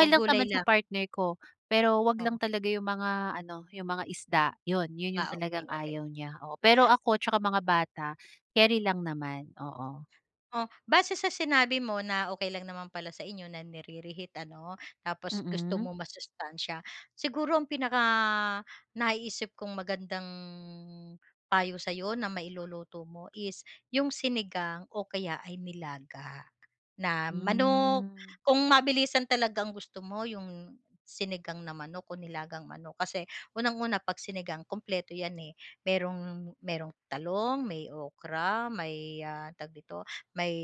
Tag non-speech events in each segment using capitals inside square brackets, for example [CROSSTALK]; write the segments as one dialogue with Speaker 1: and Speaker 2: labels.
Speaker 1: O
Speaker 2: lang
Speaker 1: gulay
Speaker 2: naman sa
Speaker 1: lang?
Speaker 2: partner ko. Pero huwag lang
Speaker 1: Oo.
Speaker 2: talaga 'yong mga ano, 'yong mga isda. 'Yon 'yon 'yong
Speaker 1: Ah,
Speaker 2: talagang
Speaker 1: okey, okey.
Speaker 2: ayaw niya. Oo, pero ako tsaka mga bata, carry lang naman, oo.
Speaker 1: Oh, base sa sinabi mo na okey lang naman pala sa inyo na nire-reheat, ano? Tapos gusto
Speaker 2: Mm.
Speaker 1: mo masustansiya. Siguro ang pinakanaiisip kong magandang payo sa'yo na mailuluto mo is 'yong sinigang o kaya ay nilaga na manok.
Speaker 2: Hmm.
Speaker 1: Kung mabilisan talaga ang gusto mo, 'yong sinigang na manok o nilagang manok. Kasi unang-una, 'pag sinigang kumpleto 'yan, eh. Mayroong mayroong talong, may okra, may, ah, tawag dito? May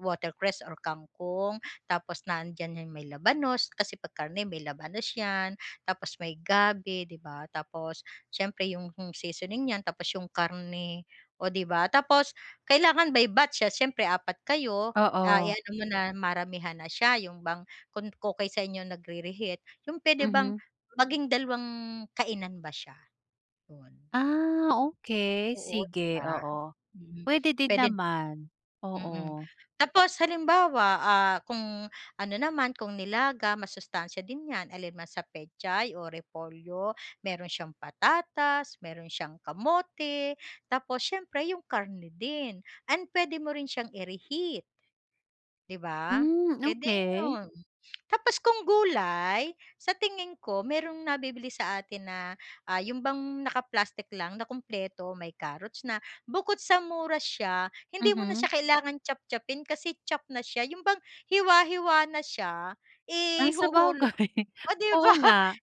Speaker 1: watercress or kangkong, tapos nandiyan 'yong may labanos. Kasi 'pag karne, may labanos 'yan, tapos may gabi, 'di ba? Tapos siyempre 'yong seasoning niyan tapos 'yong karne, oh 'di ba? Tapos kailangan by batch siya, siyempre apat kayo, ah,
Speaker 2: Oo.
Speaker 1: i-ano mo na maramihan na siya, 'yong bang kung okey sa inyo nagre-reheat, 'yong pwede bang
Speaker 2: Mhm.
Speaker 1: maging dalawang kainan ba siya. 'Yon.
Speaker 2: Ah okey,
Speaker 1: Oo
Speaker 2: sige,
Speaker 1: 'di ba?
Speaker 2: oo.
Speaker 1: Mhm,
Speaker 2: Puwede din
Speaker 1: puwede
Speaker 2: naman. Oo.
Speaker 1: mm. Tapos halimbawa, ah, kung ano naman, kung nilaga, masustansiya din 'yan. Alin man sa pechay o repolyo, mayroon siyang patatas, mayroon siyang kamote, tapos siyempre 'yong karne din and pwede mo rin siyang ire-heat. 'Di ba?
Speaker 2: Hmm,
Speaker 1: Puwede
Speaker 2: okey.
Speaker 1: 'yon. [CLICKS TONGUE] Tapos kung gulay, sa tingin ko, mayroong nabibili sa atin na, ah, 'yon bang naka-plastic lang, na kompleto, may carrots na. Bukod sa mura siya, hindi mo na
Speaker 2: Mhm.
Speaker 1: siya kailangan chop-chop-pin, kasi chopped na siya, 'yon bang hiwa-hiwa na siya.
Speaker 2: Ah,
Speaker 1: Ihuhulo
Speaker 2: sabagay.
Speaker 1: oh, 'di
Speaker 2: Oo
Speaker 1: ba?
Speaker 2: nga.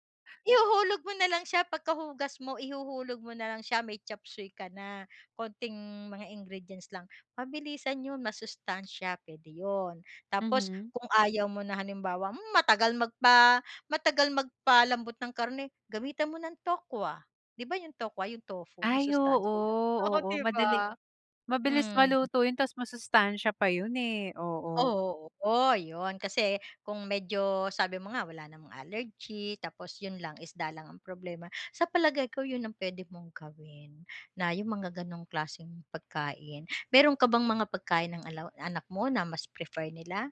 Speaker 1: Ihuhulog mo na lang siya pagkahugas mo, ihuhulog mo nalang siya, may chopsuey ka na. Konting mga ingredients lang, mabilisan 'yon, masustansiya, puwede 'yon. Tapos
Speaker 2: Mhm.
Speaker 1: kung ayaw mo na halimbawa, "Hmm, matagal magpa matagal magpalambot ng karne." Gamitan mo ng tokwa, 'di ba, 'yong tokwa, 'yong tofu,
Speaker 2: Ay oo
Speaker 1: masustansiya 'yon, oh,
Speaker 2: oo
Speaker 1: 'di
Speaker 2: madali
Speaker 1: ba?
Speaker 2: mabilis
Speaker 1: Hmm.
Speaker 2: maluto 'yon, tapos masustansya pa 'yon eh, oo.
Speaker 1: Oo, 'yon. Kasi kung medyo sabi mo nga, wala namang allergy tapos 'yon lang, isda lang ang problema. Sa palagay ko 'yon ang puwede mong gawin. Na 'yong mga gano'ng klaseng pagkain. Mayroon ka bang mga pagkain ng ala anak mo na mas prefer nila?